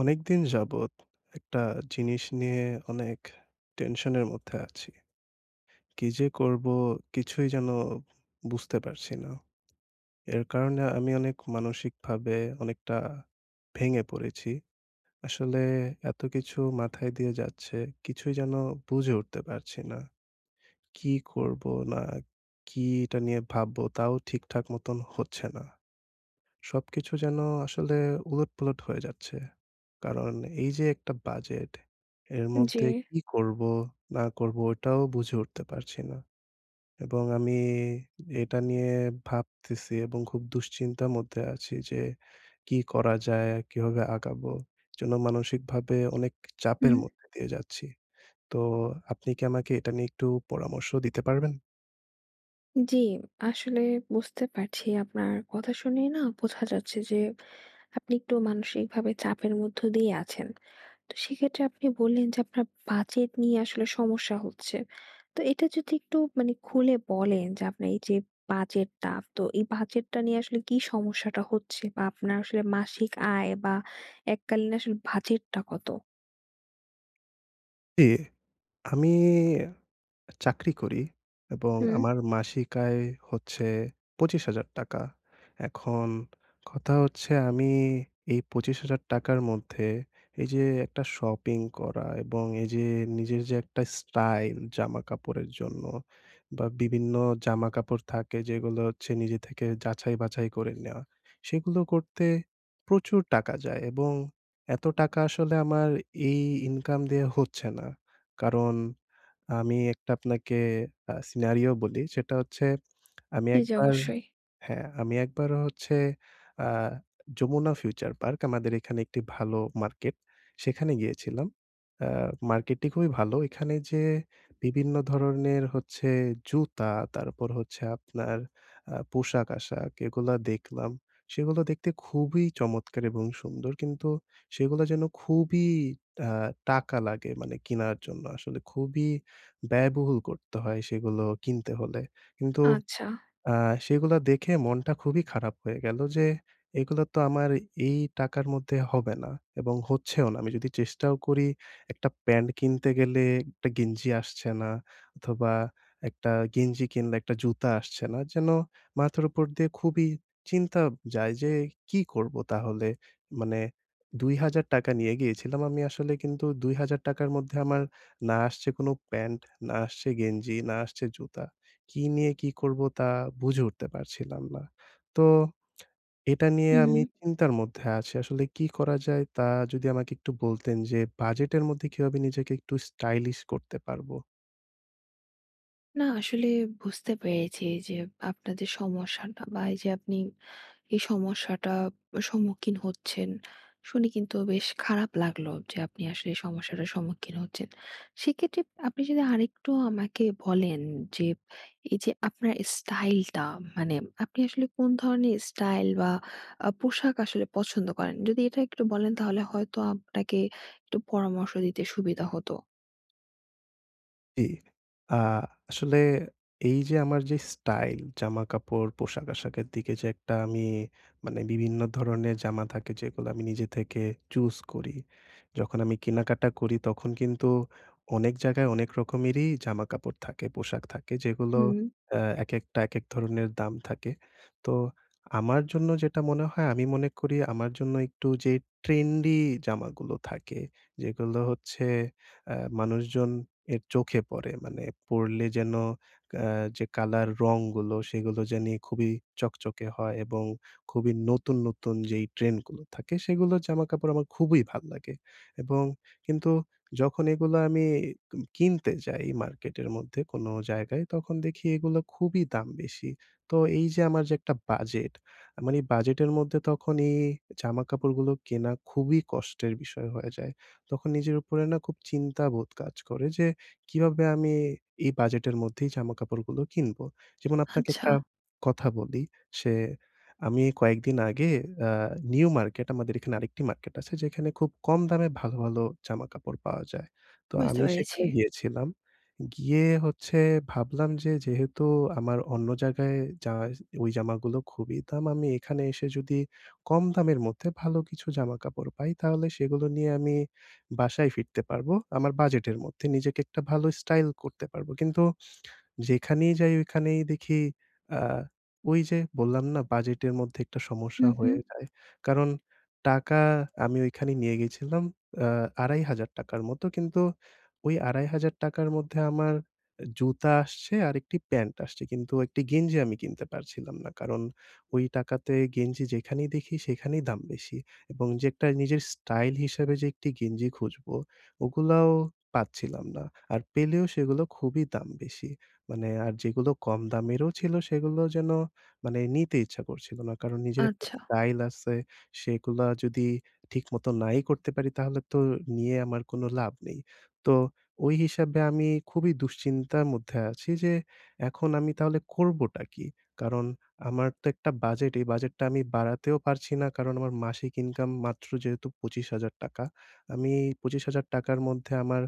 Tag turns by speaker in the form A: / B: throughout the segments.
A: অনেক দিন যাবত একটা জিনিস নিয়ে অনেক টেনশনের মধ্যে আছি। কী যে, করব? কিছুই যেন বুঝতে পারছি না। এর কারণে আমি অনেক মানসিকভাবে অনেকটা ভেঙে পড়েছি। আসলে এত কিছু মাথায় দিয়ে যাচ্ছে, কিছুই যেন বুঝে উঠতে পারছি না। কী করব, না কি এটা নিয়ে ভাবব? তাও ঠিকঠাক মতোন হচ্ছে না। সবকিছু যেন আসলে উলটপালট হয়ে যাচ্ছে। কারণ এই যে, একটা বাজেট, এর
B: উম জি।
A: মধ্যে কী করব, না করব, এটাও বুঝে উঠতে পারছি না। এবং আমি এটা নিয়ে ভাবতেছি এবং খুব দুশ্চিন্তার মধ্যে আছি, যে, কী করা যায়, কীভাবে আগাবো? এজন্য মানসিকভাবে অনেক চাপের
B: হুম।
A: মধ্যে দিয়ে যাচ্ছি। তো আপনি কি আমাকে এটা নিয়ে একটু পরামর্শ দিতে পারবেন?
B: জ্বি, আসলে বুঝতে পারছি। আপনার কথা শুনেই না বোঝা যাচ্ছে যে, আপনি একটু মানসিকভাবে চাপের মধ্য দিয়ে আছেন। তো সেক্ষেত্রে আপনি বললেন যে, আপনার বাজেট নিয়ে আসলে সমস্যা হচ্ছে। তো এটা যদি একটু মানে খুলে বলেন, যে, আপনার এই যে, বাজেটটা, তো এই বাজেটটা নিয়ে আসলে কী সমস্যাটা হচ্ছে? বা আপনার আসলে মাসিক আয়, বা এককালীন আসলে বাজেটটা কত?
A: জি, আমি চাকরি করি এবং
B: হুম।
A: আমার মাসিক আয় হচ্ছে ৳২৫,০০০। এখন কথা হচ্ছে আমি এই ৳২৫,০০০ র মধ্যে এই যে একটা শপিং করা এবং এই যে নিজের যে একটা স্টাইল জামা কাপড়ের জন্য বা বিভিন্ন জামাকাপড় থাকে যেগুলো হচ্ছে নিজে থেকে যাচাই বাছাই করে নেওয়া। সেগুলো করতে প্রচুর টাকা যায় এবং এত টাকা আসলে আমার এই ইনকাম দিয়ে হচ্ছে না। কারণ আমি একটা আপনাকে আ সিনারিও বলি। সেটা হচ্ছে আমি
B: জি, জ্বী
A: একবার
B: অবশ্যই।
A: হ্যাঁ আমি একবার হচ্ছে আ যমুনা ফিউচার পার্ক আমাদের এখানে একটি ভালো মার্কেট। সেখানে গিয়েছিলাম। আ মার্কেটটি খুবই ভালো। এখানে যে বিভিন্ন ধরনের হচ্ছে জুতা তারপর হচ্ছে আপনার আ পোশাক-আশাক এগুলা দেখলাম সেগুলো দেখতে খুবই চমৎকার এবং সুন্দর কিন্তু সেগুলা যেন খুবই আ টাকা লাগে মানে কেনার জন্য আসলে খুবই ব্যয়বহুল করতে হয় সেগুলো কিনতে হলে। কিন্তু
B: আচ্ছা।
A: আ সেগুলা দেখে মনটা খুবই খারাপ হয়ে গেলো যে এগুলা তো আমার এই টাকার মধ্যে হবে না এবং হচ্ছেও না। আমি যদি চেষ্টাও করি একটা প্যান্ট কিনতে গেলে, একটা গেঞ্জি আসছে না অথবা একটা গেঞ্জি কিনলে, একটা জুতা আসছে না। যেন মাথার উপর দিয়ে খুবই চিন্তা যায় যে কি করবো তাহলে। মানে ৳২০০০ নিয়ে গিয়েছিলাম আমি আসলে কিন্তু ৳২০০০ র মধ্যে আমার না আসছে কোনো প্যান্ট, না আসছে গেঞ্জি, না আসছে জুতা। কী নিয়ে কি করবো তা বুঝে উঠতে পারছিলাম না। তো এটা নিয়ে আমি
B: হুম।
A: চিন্তার মধ্যে আছি। আসলে কি করা যায় তা যদি আমাকে একটু বলতেন যে বাজেটের মধ্যে কীভাবে নিজেকে একটু স্টাইলিশ করতে পারবো?
B: না, আসলে বুঝতে পেরেছি। যে আপনার যে সমস্যাটা বা, এইযে আপনি এই সমস্যাটা সম্মুখীন হচ্ছেন, শুনে কিন্তু বেশ খারাপ লাগলো। যে আপনি আসলে এই সমস্যাটার সম্মুখীন হচ্ছেন। সেক্ষেত্রে আপনি যদি আরেকটু আমাকে বলেন যে, এইযে আপনার স্টাইলটা, মানে আপনি আসলে কোন ধরনের স্টাইল বা, আ পোশাক আসলে পছন্দ করেন? যদি এটা একটু বলেন, তাহলে হয়তো আপনাকে একটু পরামর্শ দিতে সুবিধা হতো।
A: জি। আ আসলে এইযে আমার যে স্টাইল, জামাকাপড়, পোশাক-আশাকের দিকে যে একটা আমি মানে বিভিন্ন ধরনের জামা থাকে, যেগুলা আমি নিজে থেকে চুজ করি। যখন আমি কেনাকাটা করি, তখন কিন্তু অনেক জায়গায় অনেক রকমেরই জামাকাপড় থাকে, পোশাক থাকে, যেগুলো
B: হুম
A: অ্যা একেকটা একেক ধরনের দাম থাকে। তো আমার জন্য যেটা মনে হয় আমি মনে করি আমার জন্য একটু যে ট্রেন্ডি জামাগুলো থাকে, যেগুলো হচ্ছে অ্যা মানুষজন এর চোখে পড়ে। মানে পড়লে যেন এ্যা যে কালার, রংগুলো, সেগুলো জানি খুবই চকচকে হয় এবং খুবই নতুন, নতুন যেই ট্রেন্ডগুলো থাকে, সেগুলোর জামাকাপড় আমার খুবই ভাল লাগে। এবং কিন্তু যখন এগুলা আমি কিম কিনতে যাই মার্কেটের মধ্যে কোন জায়গায়, তখন দেখি এগুলো খুবই দাম বেশি। তো এইযে আমার যে একটা বাজেট, আমার এই বাজেটের মধ্যে তখন এই জামাকাপড়গুলো কেনা খুবই কষ্টের বিষয় হয়ে যায়। তখন নিজের উপরে না খুব চিন্তাবোধ কাজ করে যে কিভাবে আমি এ এই বাজেটের মধ্যেই জামাকাপড়গুলো কিনবো? যেমন আপনাকে একটা
B: আচ্ছা।
A: কথা বলি। সে আমি কয়েকদিন আগে আ নিউ মার্কেট, আমাদের এখানে আরেকটি মার্কেট আছে। যেখানে খুব কম দামে ভালো, ভালো জামাকাপড় পাওয়া যায়। তো
B: বুঝতে
A: আমি
B: পেরেছি।
A: সেখানে গিয়েছিলাম। গিয়ে হচ্ছে ভাবলাম যে, যেহেতু আমার অন্য জায়গায় জা ওই জামাগুলো খুবই দাম। আমি এখানে এসে যদি কম দামের মধ্যে ভালো কিছু জামাকাপড় পাই, তাহলে সেগুলো নিয়ে আমি বাসায় ফিরতে পারবো। আমার বাজেটের মধ্যে নিজেকে একটা ভালো স্টাইল করতে পারবো। কিন্তু যেখানেই যাই, ঐখানেই দেখি অ্যা ওইযে বললাম না, বাজেটের মধ্যে একটা
B: হু,
A: সমস্যা
B: হু
A: হয়ে যায়। কারণ টাকা আমি ওইখানেই নিয়ে গেছিলাম অ্যা ৳২,৫০০ র মতো। কিন্তু ওই ৳২,৫০০ র মধ্যে আমার জুতা আসছে আর একটি প্যান্ট আসছে। কিন্তু একটি গেঞ্জি আমি কিনতে পারছিলাম না। কারণ ওই টাকাতে গেঞ্জি যেখানেই দেখি, সেখানেই দাম বেশি এবং যে একটা নিজের স্টাইল হিসাবে যে একটি গেঞ্জি খুঁজবো, ওগুলাও পাচ্ছিলাম না। আর পেলেও সেগুলো খুবই দাম বেশি। মানে আর যেগুলো কম দামেরও ছিল, সেগুলো যেন মানে নিতে ইচ্ছা করছিলো না। কারণ, নিজের একটা
B: আচ্ছা।
A: স্টাইল আছে, সেগুলা যদি ঠিকমতো নাই করতে পারি, তাহলে তো নিয়ে আমার কোনো লাভ নেই। তো ওই হিসাবে আমি খুবই দুশ্চিন্তার মধ্যে আছি যে এখন আমি তাহলে করবোটা কী? কারণ আমার তো একটা বাজেট। এই বাজেটটা আমি বাড়াতেও পারছি না। কারণ, আমার মাসিক ইনকাম মাত্র যেহেতু ৳২৫,০০০। আমি এই ৳২৫,০০০ র মধ্যে আমার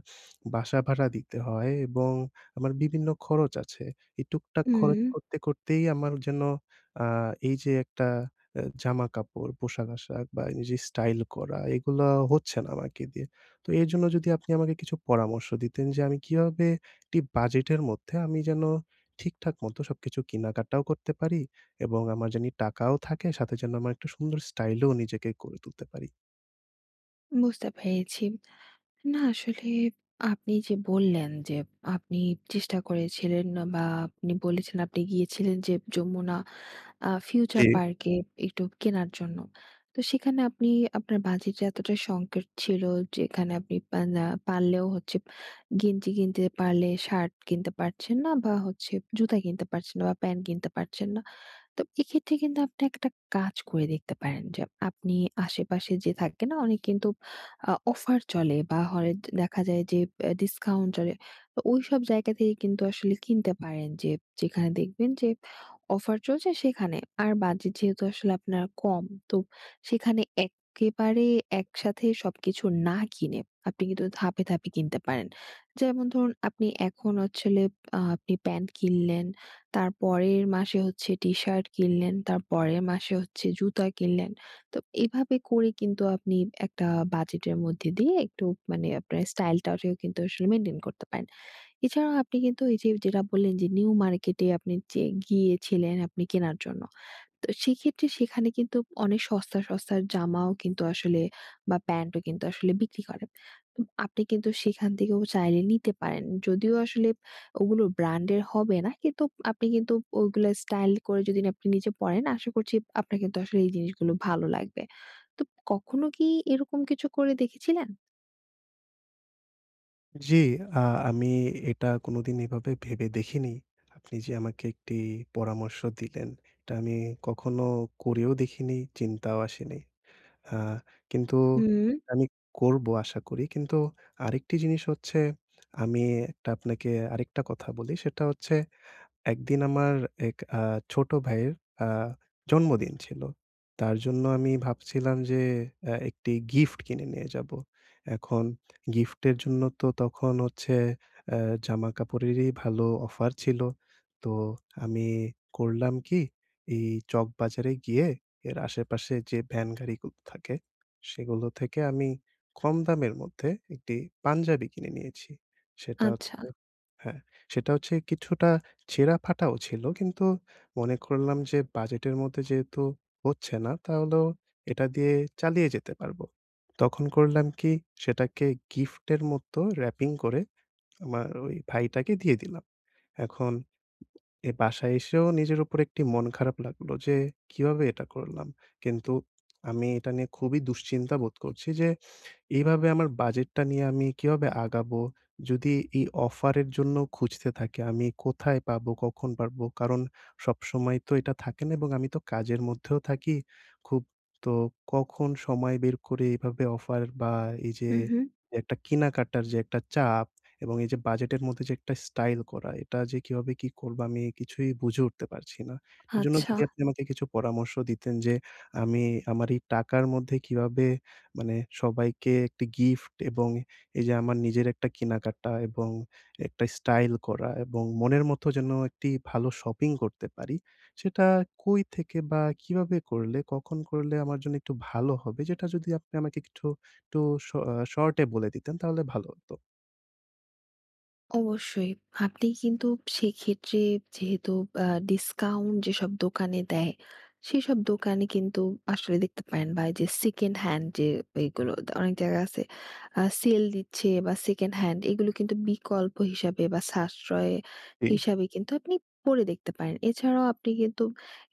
A: বাসা ভাড়া দিতে হয় এবং আমার বিভিন্ন খরচ আছে। এই টুকটাক খরচ
B: হুম।
A: করতে, করতেই আমার যেন আ এইযে একটা এ জামাকাপড়, পোশাক-আশাক বা, এইযে স্টাইল করা, এগুলো হচ্ছে না আমাকে দিয়ে। তো এর জন্য যদি আপনি আমাকে কিছু পরামর্শ দিতেন যে, আমি কীভাবে একটি বাজেটের মধ্যে আমি যেন ঠিকঠাক মতো সবকিছু কেনাকাটাও করতে পারি এবং আমার জানি টাকাও থাকে, সাথে যেন আমার একটা সুন্দর স্টাইলও নিজেকে করে তুলতে পারি।
B: বুঝতে পেরেছি। না আসলে আপনি যে বললেন যে, আপনি চেষ্টা করেছিলেন বা আপনি বলেছেন আপনি গিয়েছিলেন যে, যমুনা আ ফিউচার
A: জি।
B: পার্কে একটু কেনার জন্য। তো সেখানে আপনি আপনার বাজেটে এতটা সংকেট ছিল, যেখানে আপনি পা না পারলেও হচ্ছে, গেঞ্জি কিনতে পারলে, শার্ট কিনতে পারছেন না বা হচ্ছে জুতা কিনতে পারছেন না বা প্যান্ট কিনতে পারছেন না। তো এক্ষেত্রে কিন্তু আপনি একটা কাজ করে দেখতে পারেন। যে আপনি আশেপাশে যে থাকে না অনেক কিন্তু আ অফার চলে বা হরে দেখা যায় যে, এ ডিসকাউন্ট চলে, ও ওইসব জায়গা থেকে কিন্তু আসলে কিনতে পারেন। যে যেখানে দেখবেন যে, অফার চলছে সেখানে। আর বাজেট যেহেতু আসলে আপনার কম, তো সেইখানে এক্কেবারে একসাথে সবকিছু না কিনে, আপনি কিন্তু ধাপে, ধাপে কিনতে পারেন। যেমন ধরুন আপনি এখন হচ্ছে হলে আ আপনি প্যান্ট কিনলেন, তার পরের মাসে হচ্ছে টি-শার্ট কিনলেন, তার পরের মাসে হচ্ছে জুতা কিনলেন। তো এভাবে করে কিন্তু আপনি একটা বাজেটের মধ্যে দিয়ে, একটু মানে আপনার স্টাইলটারেও কিন্তু আসলে মেইনটেইন করতে পারেন। এছাড়াও আপনি কিন্তু এই যে, যেটা বললেন যে নিউ মার্কেটে আপনি যে গিয়েছিলেন আপনি কেনার জন্য। তো সেইক্ষেত্রে সেখানে কিন্তু অনেক সস্তা, সস্তার জামাও কিন্তু আসলে বা প্যান্টও কিন্তু আসলে বিক্রি করে। উম আপনি কিন্তু সেইখান থেকেও চাইলে নিতে পারেন। যদিও আসলে ওগুলো ব্র্যান্ডের হবে না, কিন্তু আপনি কিন্তু ওইগুলো স্টাইল করে যদি না আপনি নিজে পড়েন, আশা করছি আপনার কিন্তু আসলে এই জিনিসগুলো ভালো লাগবে। তো কখনো কি এইরকম কিছু করে দেখেছিলেন?
A: জি, আ আমি এ এটা কোনদিন এভাবে ভেবে দেখিনি। আপনি যে আমাকে একটি পরামর্শ দিলেন, এটা আমি কখনো করেও দেখিনি। চিন্তাও আসেনি। আ কিন্তু
B: হুম।
A: আমি করবো আশা করি কিন্তু আরেকটি জিনিস হচ্ছে আমি একটা আপনাকে আরেকটা কথা বলি সেটা হচ্ছে ১ দিন আমার এক আ ছোট ভাইয়ের আ জন্মদিন ছিল। তার জন্য আমি ভাবছিলাম যে এ একটি গিফট কিনে নিয়ে যাবো। এখন গিফটের জন্য তো তখন হচ্ছে এ জামা-কাপড়েরই ভালো অফার ছিল। তো আমি করলাম কি এই চকবাজারে গিয়ে এর আশেপাশে যে ভ্যান গাড়িগুলো থাকে সেগুলো থেকে আমি কম দামের মধ্যে একটি পাঞ্জাবি কিনে নিয়েছি। সেটা হচ্ছে
B: আচ্ছা।
A: হ্যাঁ, সেটা হচ্ছে কিছুটা ছেঁড়া-ফাটাও ছিল কিন্তু মনে করলাম যে বাজেটের মধ্যে যেহেতু হচ্ছে না, তাহলেও এটা দিয়ে চালিয়ে যেতে পারবো। তখন করলাম কি সেটাকে গিফটের মতো র‍্যাপিং করে আমার ওই ভাইটাকে দিয়ে দিলাম। এখন এই বাসায় এসেও নিজের উপর একটি মন খারাপ লাগলো যে কীভাবে এটা করলাম। কিন্তু আমি এটা নিয়ে খুবই দুশ্চিন্তা বোধ করছি যে এভাবে আমার বাজেটটা নিয়ে আমি কীভাবে আগাবো যদি এই অফারের জন্য খুঁজতে থাকি। আমি কোথায় পাবো? কখন পারব? কারণ সবসময় তো এটা থাকে না এবং আমি তো কাজের মধ্যেও থাকি খুব। তো কখন সময় বের করে এভাবে অফার বা এই যে
B: হুম, হুম।
A: একটা কেনাকাটার যে একটা চাপ এবং এই যে বাজেটের মধ্যে, যে একটা স্টাইল করা এটা যে কীভাবে কি করবো আমি কিছুই বুঝে উঠতে পারছি না। এর জন্য
B: আচ্ছা।
A: যদি আপনি আমাকে কিছু পরামর্শ দিতেন যে আমি আমার এই টাকার মধ্যে কীভাবে মানে সবাইকে একটি গিফট এবং এই যে আমার নিজের একটা কেনা-কাটা এবং একটা স্টাইল করা এবং মনের মতো যেন একটি ভালো শপিং করতে পারি। সেটা কই থেকে বা কীভাবে করলে কখন করলে আমার জন্য একটু ভালো হবে যেটা যদি আপনি আমাকে কিছু একটু শ শর্টে বলে দিতেন তাহলে ভালো হতো।
B: অবশ্যই। আপনি কিন্তু সেইক্ষেত্রে যেহেতু বা ডিসকাউন্ট যেসব দোকানে দেয়, সেইসব দোকানে কিন্তু আসলে দেখতে পারেন। বা, এইযে সেকেন্ড হ্যান্ড যে, ঐগুলো। অনেক জায়গায় আছে আ সেল দিচ্ছে বা, সেকেন্ড হ্যান্ড, এইগুলো কিন্তু বিকল্প হিসাবে বা, সাশ্রয়
A: জি।
B: হিসাবে কিন্তু আপনি পরে দেখতে পারেন। এছাড়াও আপনি কিন্তু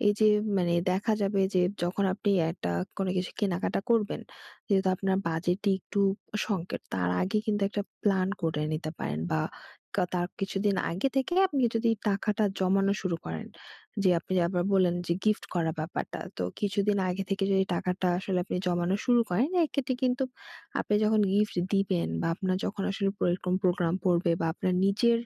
B: এইযে মানে দেখা যাবে যে যখন আপনি একটা কোনো কিছু কেনাকাটা করবেন, যেহেতু আপনার বাজেটে একটু সংকট, তার আগে কিন্তু একটা প্ল্যান করে নিতে পারেন বা, কা তার কিছুদিন আগে থেকে আপনি যদি টাকাটা জমানো শুরু করেন। যে আপনি আবার বললেন যে, গিফট করা ব্যাপারটা। তো কিছুদিন আগে থেকে যদি টাকাটা আসলে আপনি জমানো শুরু করেন, এইক্ষেত্রে কিন্তু আপনি যখন গিফট দিবেন বা, আপনার যখন আসলে পর এইরকম প্রোগ্রাম পড়বে বা, আপনার নিজের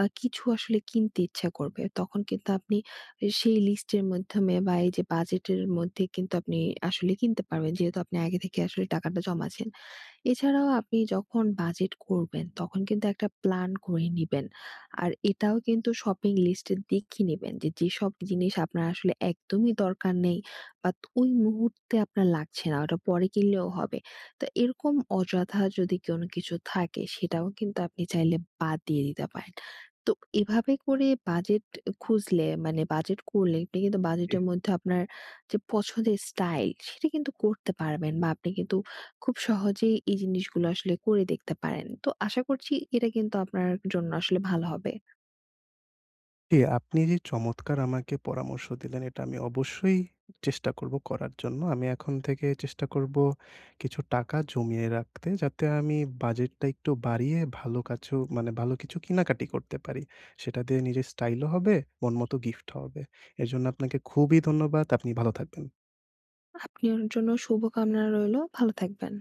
B: আ কিছু আসলে কিনতে ইচ্ছা করবে, তখন কিন্তু আপনি আ সেই লিস্টের মাধ্যমে বা, এইযে বাজেটের মধ্যে কিন্তু আপনি আসলে কিনতে পারবেন। যেহেতু আপনি আগে থেকে আসলে টাকাটা জমাচ্ছেন। এছাড়াও আপনি যখন বাজেট করবেন, তখন কিন্তু একটা প্ল্যান করে নিবেন। আর এটাও কিন্তু শপিং লিস্টের দেখে নিবেন যে, যেসব জিনিস আপনার আসলে একদমই দরকার নেই, বাত ঐ মুহূর্তে আপনার লাগছে না, ঐটা পরে কিনলেও হবে। তো এইরকম অযথা যদি কোনো কিছু থাকে, সেটাও কিন্তু আপনি চাইলে বাদ দিয়ে দিতে পারেন। তো এভাবে করে বাজেট খুঁজলে, মানে বাজেট করলে আপনি কিন্তু
A: জি।
B: বাজেটের মধ্যেও আপনার যে পছন্দের স্টাইল, সেইটা কিন্তু করতে পারবেন বা, আপনি কিন্তু খুব সহজেই এই জিনিসগুলো আসলে করে দেখতে পারেন। তো আশা করছি এটা কিন্তু আপনার জন্য আসলে ভালো হবে।
A: জি, আপনি যে চমৎকার আমাকে পরামর্শ দিলেন, এইটা আমি অবশ্যই চেষ্টা করবো করার জন্য। আমি এখন থেকে চেষ্টা করবো কিছু টাকা জমিয়ে রাখতে, যাতে আমি বাজেটটা একটু বাড়িয়ে ভালো কাছেও মানে ভালো কিছু কেনাকাটা করতে পারি। সেইটা দিয়ে নিজের স্টাইলও হবে। মন মতো গিফটও হবে। এরজন্য আপনাকে খুবই ধন্যবাদ। আপনি ভালো থাকবেন।
B: আপনার জন্যও শুভকামনা রইলো, ভালো থাকবেন।